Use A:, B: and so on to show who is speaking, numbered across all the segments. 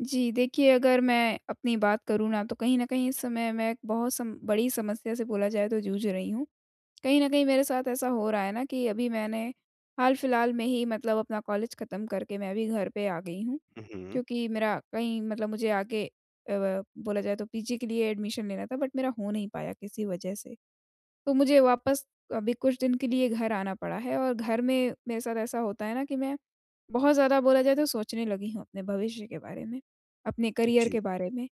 A: जी, देखिए अगर मैं अपनी बात करूँ ना, तो कहीं न कहीं इस समय मैं एक बहुत सम बड़ी समस्या से बोला जाए तो जूझ रही हूँ। कहीं न कहीं मेरे साथ ऐसा हो रहा है ना कि अभी मैंने हाल-फिलहाल में ही मतलब अपना कॉलेज खत्म करके मैं भी घर पे आ गई हूँ,
B: हुँ, हुँ।
A: क्योंकि मेरा कहीं मतलब मुझे आगे अ, व बोला जाए तो पीजी के लिए एडमिशन लेना था बट मेरा हो नहीं पाया किसी वजह से। तो मुझे वापस अभी कुछ दिन के लिए घर आना पड़ा है और घर में मेरे साथ ऐसा होता है ना कि मैं बहुत ज़्यादा बोला जाए तो सोचने लगी हूँ अपने भविष्य के बारे में, अपने करियर के
B: जी।
A: बारे में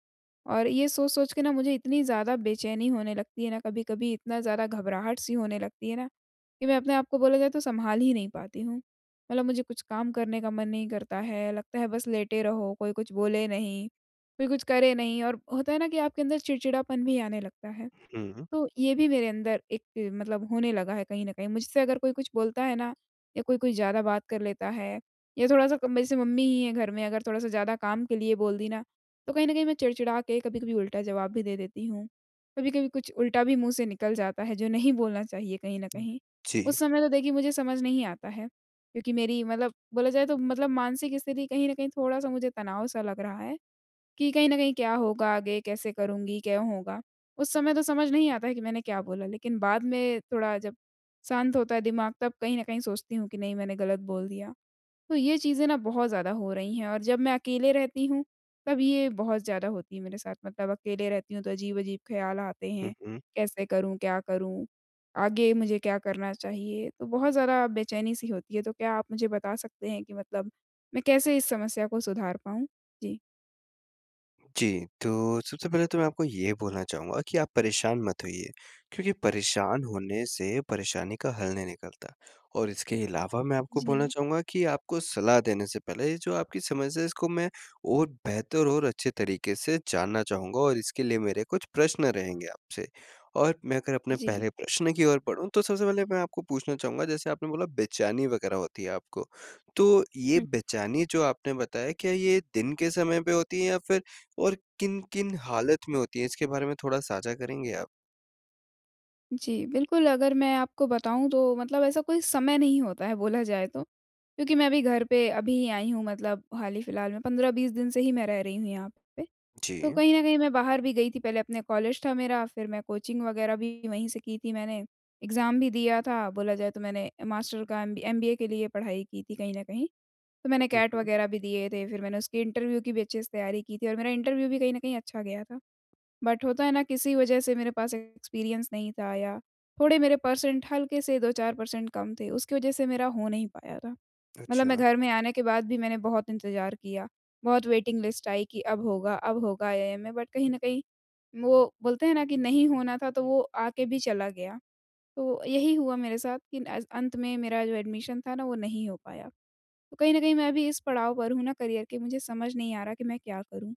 A: और ये सोच-सोच के ना मुझे इतनी ज़्यादा बेचैनी होने लगती है ना कभी-कभी इतना ज़्यादा घबराहट-सी होने लगती है ना कि मैं अपने आप को बोला जाए तो सँभाल ही नहीं पाती हूँ। मतलब मुझे कुछ काम करने का मन नहीं करता है, लगता है बस लेटे रहो, कोई कुछ बोले नहीं, कोई कुछ करे नहीं और होता है ना कि आपके अंदर चिड़चिड़ापन भी आने लगता है,
B: हुँ।
A: तो ये भी मेरे अंदर एक मतलब होने लगा है कहीं न कहीं। मुझसे अगर कोई कुछ बोलता है ना या कोई-कोई ज़्यादा बात कर लेता है या थोड़ा-सा अब जैसे मम्मी ही है घर में अगर थोड़ा-सा ज़्यादा काम के लिए बोल दी ना, तो कहीं न कहीं मैं चिड़-चिड़ा के कभी-कभी उल्टा जवाब भी दे देती हूँ, कभी-कभी कुछ उल्टा भी मुँह से निकल जाता है जो नहीं बोलना चाहिए कहीं न कहीं।
B: जी।
A: उस समय तो देखिए मुझे समझ नहीं आता है क्योंकि मेरी मतलब बोला जाए तो मतलब मानसिक स्थिति कहीं न कहीं थोड़ा-सा मुझे तनाव सा लग रहा है कि कहीं न कहीं क्या होगा आगे? कैसे करूँगी? क्यों होगा? उस समय तो समझ नहीं आता है कि मैंने क्या बोला लेकिन बाद में थोड़ा जब शांत होता है दिमाग तब कहीं न कहीं सोचती हूँ कि नहीं मैंने गलत बोल दिया। तो ये चीज़ें ना बहुत ज़्यादा हो रही हैं और जब मैं अकेले रहती हूँ, तब ये बहुत ज़्यादा होती है मेरे साथ मतलब अकेले रहती हूँ, तो अजीब-अजीब ख़याल आते
B: हुँ,
A: हैं।
B: हुँ।
A: कैसे करूँ? क्या करूँ? आगे मुझे क्या करना चाहिए? तो बहुत ज़्यादा बेचैनी-सी होती है। तो क्या आप मुझे बता सकते हैं कि मतलब मैं कैसे इस समस्या को सुधार पाऊँ? जी।
B: जी, तो सबसे पहले तो मैं आपको ये बोलना चाहूँगा कि आप परेशान मत होइए क्योंकि परेशान होने से परेशानी का हल नहीं निकलता। और इसके अलावा मैं आपको बोलना
A: जी।
B: चाहूँगा कि आपको सलाह देने से पहले ये जो आपकी समस्या है इसको मैं और बेहतर और अच्छे तरीक़े से जानना चाहूँगा और इसके लिए मेरे कुछ प्रश्न रहेंगे आपसे। और मैं अगर अपने
A: जी।
B: पहले प्रश्न की ओर बढ़ूँ तो सबसे पहले मैं आपको पूछना चाहूँगा जैसे आपने बोला बेचैनी वग़ैरह होती है आपको, तो ये
A: हुँ।
B: बेचैनी जो आपने बताया क्या ये दिन के समय पे होती है या फिर और किन-किन हालत में होती है? इसके बारे में थोड़ा साझा करेंगे आप?
A: जी, बिल्कुल, अगर मैं आपको बताऊँ तो मतलब ऐसा कोई समय नहीं होता है बोला जाए तो, क्योंकि मैं अभी घर पे अभी ही आई हूँ मतलब हाल ही फिलहाल में, 15-20 दिन से ही मैं रह रही हूँ यहाँ पे। तो
B: जी।
A: कहीं न कहीं मैं बाहर भी गई थी, पहले अपने कॉलेज था मेरा, फिर मैं कोचिंग वग़ैरह भी वहीं से की थी मैंने एग्ज़ाम भी दिया था। बोला जाए तो मैंने मास्टर का एमबी एमबीए के लिए पढ़ाई की थी कहीं न कहीं, तो मैंने
B: हुँ,
A: कैट
B: हुँ।
A: वग़ैरह भी दिए थे फिर मैंने उसकी इंटरव्यू की भी अच्छे से तैयारी की थी और मेरा इंटरव्यू भी कहीं न कहीं अच्छा गया था। बट होता है ना किसी वजह से मेरे पास एक्सपीरियंस नहीं था या थोड़े मेरे पर्सेंट हल्के से 2-4 पर्सेंट कम थे, उसकी वजह से मेरा हो नहीं पाया था। मतलब मैं
B: अच्छा।
A: घर में आने के बाद भी मैंने बहुत इंतज़ार किया, बहुत वेटिंग लिस्ट आई कि अब होगा, अब होगा आईआईएम में बट कहीं न कहीं वो बोलते हैं ना कि नहीं होना था, तो वो आके भी चला गया। तो यही हुआ मेरे साथ कि नैज़ अंत में मेरा जो एडमिशन था ना वो नहीं हो पाया। तो कहीं न कहीं मैं भी इस पड़ाव पर हूँ ना करियर के मुझे समझ नहीं आ रहा कि मैं क्या करूँ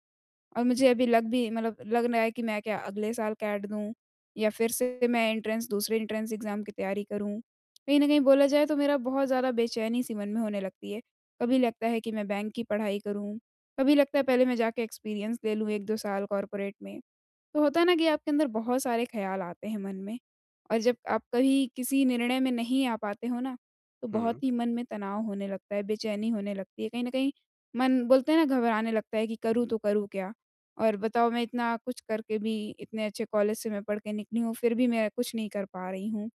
A: और मुझे अभी लग भी मतलब लग ना है कि मैं क्या अगले साल कैट दूँ? या फिर से मैं एंट्रेंस दूसरे एंट्रेंस एग्ज़ाम की तैयारी करूँ? कहीं न कहीं बोला जाए तो मेरा बहुत ज़्यादा बेचैनी-सी मन में होने लगती है। कभी लगता है कि मैं बैंक की पढ़ाई करूँ, कभी लगता है पहले मैं जाके एक्सपीरियंस ले लूँ 1-2 साल कॉर्पोरेट में, तो होता है ना कि आपके अंदर बहुत सारे ख़याल आते हैं मन में, और जब आप कहीं किसी निर्णय में नहीं आ पाते हो ना, तो बहुत
B: हुँ।
A: ही मन में तनाव होने लगता है, बेचैनी होने लगती है कहीं न कहीं मन बोलते हैं ना घबराने लगता है कि करूँ तो करूँ क्या? और बताओ मैं इतना कुछ करके भी इतने अच्छे कॉलेज से मैं पढ़ के निकली हूँ फिर भी मैं कुछ नहीं कर पा रही हूँ।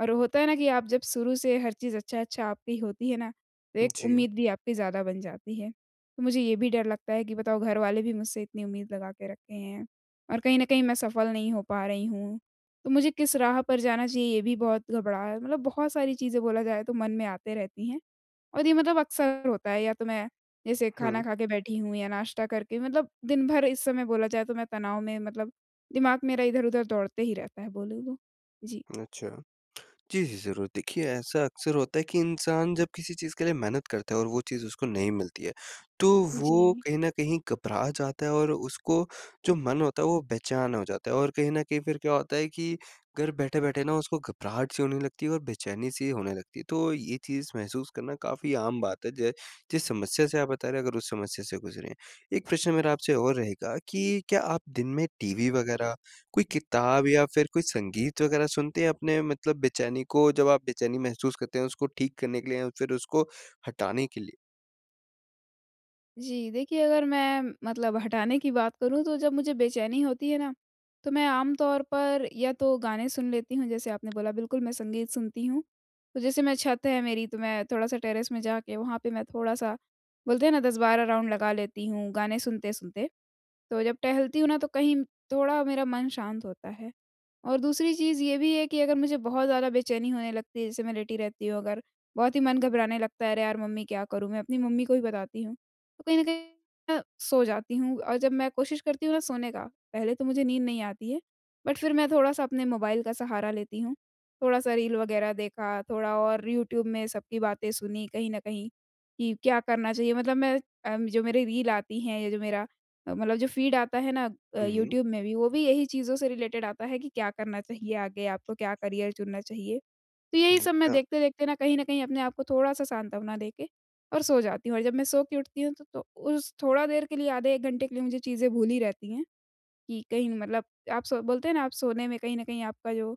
A: और होता है ना कि आप जब शुरू से हर चीज़ अच्छा-अच्छा आपकी होती है ना तो एक
B: जी।
A: उम्मीद भी आपकी ज़्यादा बन जाती है, तो मुझे ये भी डर लगता है कि बताओ घरवाले भी मुझसे इतनी उम्मीद लगा के रखे हैं, और कहीं न कहीं मैं सफल नहीं हो पा रही हूँ, तो मुझे किस राह पर जाना चाहिए ये भी बहुत घबरा मतलब बहुत सारी चीज़ें बोला जाए तो मन में आते रहती हैं। और ये मतलब अक्सर होता है या तो मैं जैसे खाना
B: हुँ।
A: खा के बैठी हूँ या नाश्ता करके मतलब दिन-भर इस समय बोला जाए तो मैं तनाव में मतलब दिमाग़ मेरा इधर-उधर दौड़ते ही रहता है बोलूँ तो। जी।
B: अच्छा। जी, जी ज़रूर। देखिए, ऐसा अक्सर होता है कि इंसान जब किसी चीज़ के लिए मेहनत करता है और वो चीज़ उसको नहीं मिलती है, तो वो
A: जी।
B: कहीं न कहीं घबरा जाता है और उसको जो मन होता है, वो बेचैन हो जाता है। और कहीं न कहीं फिर क्या होता है कि घर बैठे-बैठे ना उसको घबराहट सी होने लगती है और बेचैनी-सी होने लगती है, तो ये चीज़ महसूस करना काफ़ी आम बात है। जो जिस समस्या से आप बता रहे हो, अगर उस समस्या से गुजरें, एक प्रश्न मेरा आपसे और रहेगा कि क्या आप दिन में टीवी वग़ैरह, कोई किताब या फिर कोई संगीत वग़ैरह सुनते हैं अपने मतलब बेचैनी को जब आप बेचैनी महसूस करते हैं, उसको ठीक करने के लिए या फिर उसको हटाने के लिए?
A: जी, देखिए अगर मैं मतलब हटाने की बात करूँ, तो जब मुझे बेचैनी होती है ना, तो मैं आम तौर पर या तो गाने सुन लेती हूँ, जैसे आपने बोला, बिल्कुल, मैं संगीत सुनती हूँ। तो जैसे मैं छत है मेरी, तो मैं थोड़ा-सा टेरेस में जाके वहाँ पे मैं थोड़ा-सा, बोलते हैं ना 10-12 राउंड लगा लेती हूँ गाने सुनते-सुनते। तो जब टहलती हूँ ना, तो कहीं थोड़ा मेरा मन शांत होता है। और दूसरी चीज़ ये भी है कि अगर मुझे बहुत ज़्यादा बेचैनी होने लगती है, जैसे मैं लेटी रहती हूँ अगर, बहुत ही मन घबराने लगता है, "अरे यार मम्मी, क्या करूँ मैं?" अपनी मम्मी को ही बताती हूँ। तो कहीं न कहीं अ, सो जाती हूँ, और जब मैं कोशिश करती हूँ ना सोने का, पहले तो मुझे नींद नहीं आती है। बट फिर मैं थोड़ा-सा अपने मोबाइल का सहारा लेती हूँ, थोड़ा-सा रील वगैरह देखा, थोड़ा और यूट्यूब में सबकी बातें सुनी कहीं न कहीं कि क्या करना चाहिए। मतलब मैं अ, जो मेरी रील आती हैं या जो मेरा अ, मतलब जो फीड आता है ना अ,
B: हुँ, हुँ।
A: यूट्यूब में भी, वो भी यही चीज़ों से रिलेटेड आता है कि क्या करना चाहिए आगे आपको, क्या करियर चुनना चाहिए। तो यही सब मैं
B: अच्छा।
A: देखते-देखते ना कहीं न कहीं अपने आप को थोड़ा-सा सांत्वना देके और सो जाती हूँ। और जब मैं सो के उठती हूँ, तो तो उस थोड़ा देर के लिए, आधे-1 घंटे के लिए मुझे चीज़ें भूली रहती हैं कि कहीं मतलब आप सो बोलते हैं ना, आप सोने में कहीं न कहीं आपका जो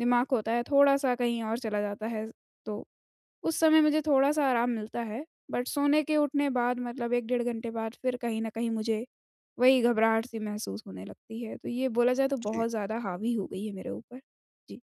A: दिमाग होता है, थोड़ा-सा कहीं और चला जाता है। तो उस समय मुझे थोड़ा-सा आराम मिलता है, बट सोने के उठने बाद, मतलब 1 डेढ़ घंटे बाद, फिर कहीं न कहीं मुझे वही घबराहट-सी महसूस होने लगती है। तो ये बोला जाए तो
B: जी।
A: बहुत ज़्यादा हावी हो गई है मेरे ऊपर। जी।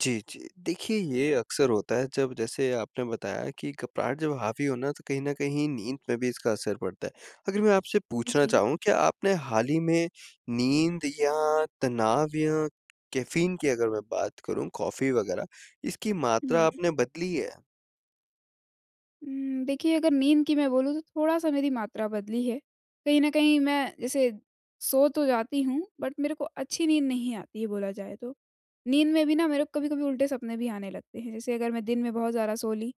B: जी, जी। देखिए, ये अक्सर होता है जब जैसे आपने बताया कि घबराहट जब हावी हो ना, तो कहीं न कहीं नींद में भी इसका असर पड़ता है। अगर मैं आपसे पूछना
A: जी।
B: चाहूँ, क्या आपने हाल ही में नींद या तनाव या कैफ़ीन की अगर मैं बात करूँ कॉफ़ी वगैरह इसकी मात्रा
A: हुँ।
B: आपने बदली है?
A: हुँ, देखिए अगर नींद की मैं बोलूँ तो थोड़ा-सा मेरी मात्रा बदली है, कहीं न कहीं मैं जैसे सो तो जाती हूँ, बट मेरे को अच्छी नींद नहीं आती, बोला जाए तो। नींद में भी ना मेरे को कभी-कभी उल्टे सपने भी आने लगते हैं, जैसे अगर मैं दिन में बहुत ज़्यादा सो ली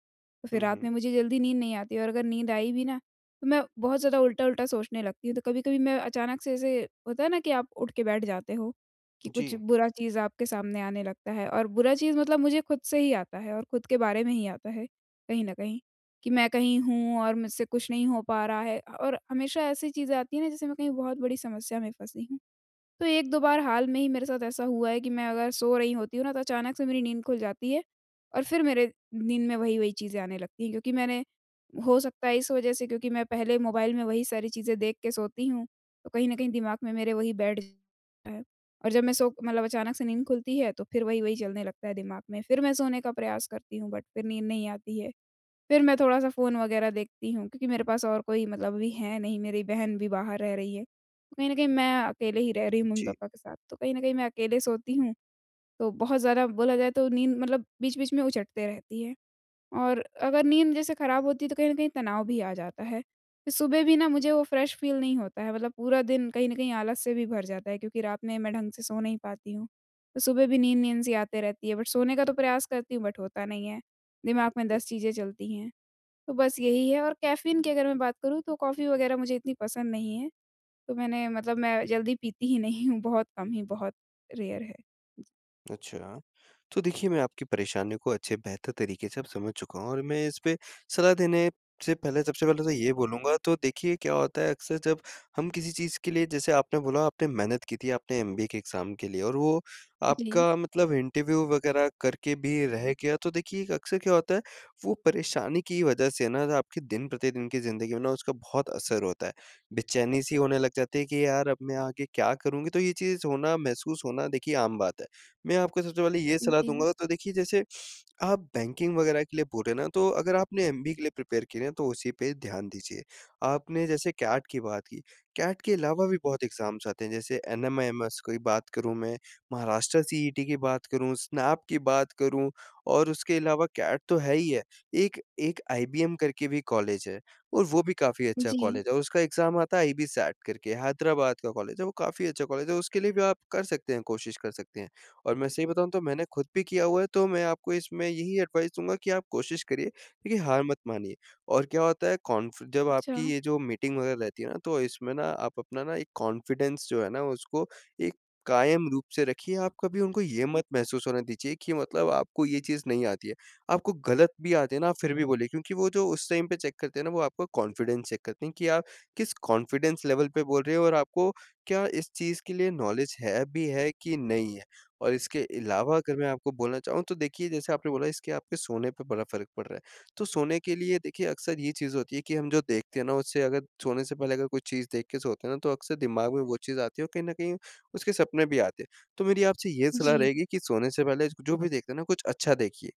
A: तो फिर
B: हुँ,
A: रात
B: हुँ।
A: में मुझे जल्दी नींद नहीं आती और अगर नींद आई भी ना तो मैं बहुत ज़्यादा उल्टा-उल्टा सोचने लगती हूँ। तो कभी-कभी मैं अचानक से ऐसे होता है ना कि आप उठ के बैठ जाते हो, कि कुछ
B: जी।
A: बुरा चीज़ आपके सामने आने लगता है और बुरा चीज़ मतलब मुझे खुद से ही आता है और खुद के बारे में ही आता है कहीं न कहीं, कि मैं कहीं हूँ और मुझसे कुछ नहीं हो पा रहा है अ, और हमेशा ऐसी चीज़ें आती हैं ना जैसे मैं कहीं बहुत बड़ी समस्या में फँसी हूँ। तो 1-2 बार हाल में ही मेरे साथ ऐसा हुआ है कि मैं अगर सो रही होती हूँ ना तो अचानक से मेरी नींद खुल जाती है और फिर मेरे नींद में वही-वही चीज़ें आने लगती हैं, क्योंकि मैंने हो सकता है इस वजह से क्योंकि मैं पहले मोबाइल में वही सारी चीज़ें देख के सोती हूँ, तो कहीं न कहीं दिमाग में मेरे वही बैठ है और जब मैं सो मतलब अचानक से नींद खुलती है तो फिर वही-वही चलने लगता है दिमाग में, फिर मैं सोने का प्रयास करती हूँ बट फिर नींद नहीं आती है, फिर मैं थोड़ा-सा फ़ोन वगैरह देखती हूँ क्योंकि मेरे पास और कोई मतलब अभी है नहीं, मेरी बहन भी बाहर रह रही है। कहीं न कहीं मैं अकेले ही रह रही हूँ
B: जी।
A: मम्मी-पापा के साथ। तो कहीं न कहीं मैं अकेले सोती हूँ, तो बहुत ज़्यादा बोला जाए तो नींद मतलब बीच-बीच में उचटते रहती है। और अगर नींद जैसे खराब होती तो कहीं न कहीं तनाव भी आ जाता है। फिर सुबह भी ना मुझे वो फ्रेश फील नहीं होता है, मतलब पूरा दिन कहीं न कहीं आलस से भी भर जाता है क्योंकि रात में मैं ढंग से सो नहीं पाती हूँ तो सुबह भी नींद-नींद सी आते रहती है। बट सोने का तो प्रयास करती हूँ बट होता नहीं है। दिमाग में
B: जी।
A: 10 चीज़ें चलती हैं, तो बस यही है और कैफ़ीन की अगर मैं बात करूँ तो कॉफ़ी वगैरह मुझे इतनी पसंद नहीं है। तो मैंने मतलब मैं जल्दी पीती ही नहीं हूँ, बहुत कम ही, बहुत रेयर है। जी।
B: अच्छा। तो देखिए, मैं आपकी परेशानी को अच्छे बेहतर तरीके से अब समझ चुका हूँ और मैं इसपे सलाह देने से पहले सबसे पहले तो ये बोलूँगा, तो देखिए क्या होता है अक्सर जब हम किसी चीज़ के लिए जैसे आपने बोला आपने मेहनत की थी, आपने एमबीए के एग्ज़ाम के लिए और वो
A: जी।
B: आपका मतलब इंटरव्यू वगैरह करके भी रह गया। तो देखिए, एक अक्सर क्या होता है, वो परेशानी की वजह से ना, जो आपके दिन-प्रतिदिन की ज़िंदगी में ना उसका बहुत असर होता है, बेचैनी-सी होने लग जाते है कि यार, अब मैं आगे क्या करूँगी? तो ये चीज़ होना महसूस होना देखिए आम बात है। मैं आपको सबसे पहले ये सलाह
A: जी।
B: दूँगा, तो देखिए जैसे, आप बैंकिंग वगैरह के लिए बोल रहे ना, तो अगर आपने एमबीए के लिए प्रिपेयर किया है ना, तो उसी पे ध्यान दीजिए। आपने जैसे कैट की बात की, कैट के अलावा भी बहुत एग्ज़ाम्स आते हैं, जैसे एनमेएमस कोई बात करूँ मैं, महाराष्ट्र सीईटी की बात करूँ, स्नैप की बात करूँ और उसके अलावा कैट तो है ही है, एक एक आईबीएम करके भी कॉलेज है और वो भी काफ़ी अच्छा
A: जी।
B: कॉलेज है, औ उसका एग्ज़ाम आता है आईबीसैट करके, हैदराबाद का कॉलेज है। वो काफ़ी अच्छा कॉलेज है, उसके लिए भी आप कर सकते हैं कोशिश कर सकते हैं, और मैं सही बताऊँ तो मैंने खुद भी किया हुआ है तो मैं आपको इसमें यही एडवाइस दूँगा कि आप कोशिश करिए। देखिए, हार मत मानिए और क्या होता है कॉन्फि जब आपकी
A: अच्छा।
B: ये जो मीटिंग वगैरह रहती है ना, तो इसमें ना आप अपना ना एक कॉन्फिडेंस जो है ना, उसको एक कायम रूप से रखिए, आप कभी उनको ये मत महसूस होने दीजिए कि मतलब आपको ये चीज़ नहीं आती है। आपको गलत भी आते हैं ना, आप फिर भी बोलिए, क्योंकि वो जो उस टाइम पे चेक करते हैं ना, वो आपका कॉन्फिडेंस चेक करते हैं, कि आप किस कॉन्फिडेंस लेवल पे बोल रहे हो और आपको क्या इस चीज़ के लिए नॉलेज है भी है कि नहीं है? और इसके अलावा अगर मैं आपको बोलना चाहूँ, तो देखिए जैसे आपने बोला इसके आपके सोने पे बड़ा फ़र्क पड़ रहा है। तो सोने के लिए देखिए अक्सर ये चीज़ होती है कि हम जो देखते हैं ना, उससे अगर सोने से पहले अगर कोई चीज़ देख के सोते हैं ना, तो अक्सर दिमाग में वो चीज़ आती है और कहीं न कहीं उसके सपने भी आते हैं। तो मेरी आपसे ये सलाह
A: जी।
B: रहेगी कि, सोने से पहले जो भी देखते हैं ना कुछ अच्छा देखिए,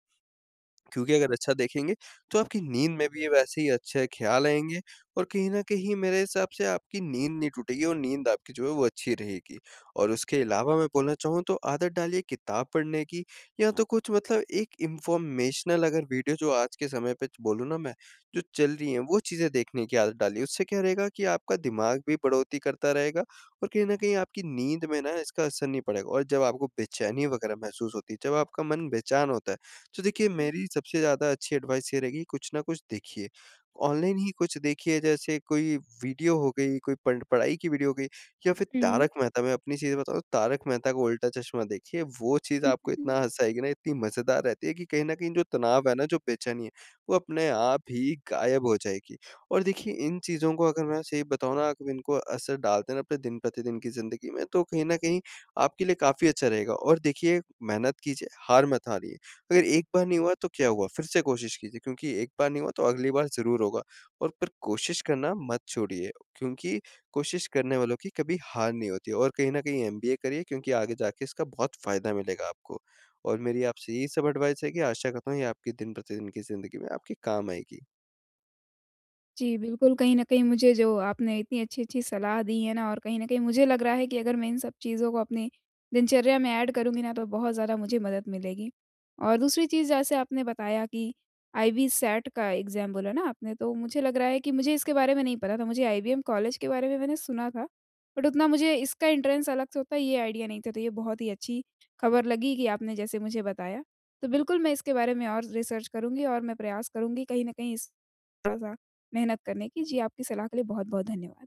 B: क्योंकि अगर अच्छा देखेंगे, तो आपकी नींद में भी ये वैसे ही अच्छे ख्याल आएँगे और कहीं न कहीं मेरे हिसाब से आपकी नींद नहीं टूटेगी और नींद आपकी जो है वो अच्छी रहेगी। और उसके अलावा मैं बोलना चाहूँ तो आदत डालिए किताब पढ़ने की या तो कुछ मतलब एक इन्फ़ॉर्मेशनल अगर वीडियो जो आज के समय पे च बोलूँ ना मैं, जो चल रही हैं, वो चीज़ें देखने की आदत डालिए। उससे क्या रहेगा कि आपका दिमाग भी बढ़ोत्तरी करता रहेगा और कहीं न कहीं आपकी नींद में ना इसका असर नहीं पड़ेगा और जब आपको बेचैनी वगैरह महसूस होती है, जब आपका मन बेचैन होता है, तो देखिए मेरी सबसे ज़्यादा अच्छी एडवाइस ये रहेगी, कुछ ना कुछ देखिए। ऑनलाइन ही कुछ देखिए जैसे कोई वीडियो हो गई, कोई पढ़ पढ़ाई की वीडियो हो गई या फिर
A: हुँ।
B: तारक मेहता मैं अपनी चीज़ें बताऊँ तारक मेहता का उल्टा-चश्मा देखिए, वो चीज़
A: हुँ,
B: आपको
A: हुँ,
B: इतना
A: हुँ।
B: हँसाएगी ना, इतनी मज़ेदार रहती है कि कहीं न कहीं जो तनाव है ना, जो बेचैनी है, वो अपने आप ही गायब हो जाएगी। और देखिए, इन चीज़ों को अगर मैं सही बताऊँ ना अगर इनको असर डालते हैं ना अपने दिन-प्रतिदिन की ज़िंदगी में, तो कहीं न कहीं आपके लिए काफ़ी अच्छा रहेगा और देखिए मेहनत कीजिए, हार मत हारिए। अगर एक बार नहीं हुआ, तो क्या हुआ? फिर से कोशिश कीजिए, क्योंकि एक बार नहीं हुआ तो अगली बार ज़रूर होगा और फिर कोशिश करना मत छोड़िए, क्योंकि कोशिश करने वालों की कभी हार नहीं होती और कहीं न कहीं एमबीए करिए, क्योंकि आगे जाके इसका बहुत फ़ायदा मिलेगा आपको। और मेरी आपसे यही सब एडवाइस है कि आशा करता हूँ ये आपकी दिन-प्रतिदिन की ज़िंदगी में आपके काम आएगी।
A: जी, बिल्कुल। कहीं न कहीं मुझे जो आपने इतनी अच्छी-अच्छी सलाह दी है ना और कहीं न कहीं मुझे लग रहा है कि अगर मैं इन सब चीज़ों को अपनी दिनचर्या में एड करूँगी ना, तो बहुत ज़्यादा मुझे मदद मिलेगी। और दूसरी चीज़ जैसे आपने बताया कि आईबीसैट का एग्ज़ाम बोला ना आपने, तो मुझे लग रहा है कि मुझे इसके बारे में नहीं पता था, मुझे आईबीएम कॉलेज के बारे में मैंने सुना था। बट उतना मुझे इसका एंट्रेंस अलग से होता है, ये आइडिया नहीं था, तो ये बहुत ही अच्छी खबर लगी कि आपने जैसे मुझे बताया। तो बिल्कुल, मैं इसके बारे में और रिसर्च करूँगी और मैं प्रयास करूँगी कहीं न कहीं इस थोड़ा-सा मेहनत करने की। जी, आपकी सलाह के लिए बहुत-बहुत धन्यवाद।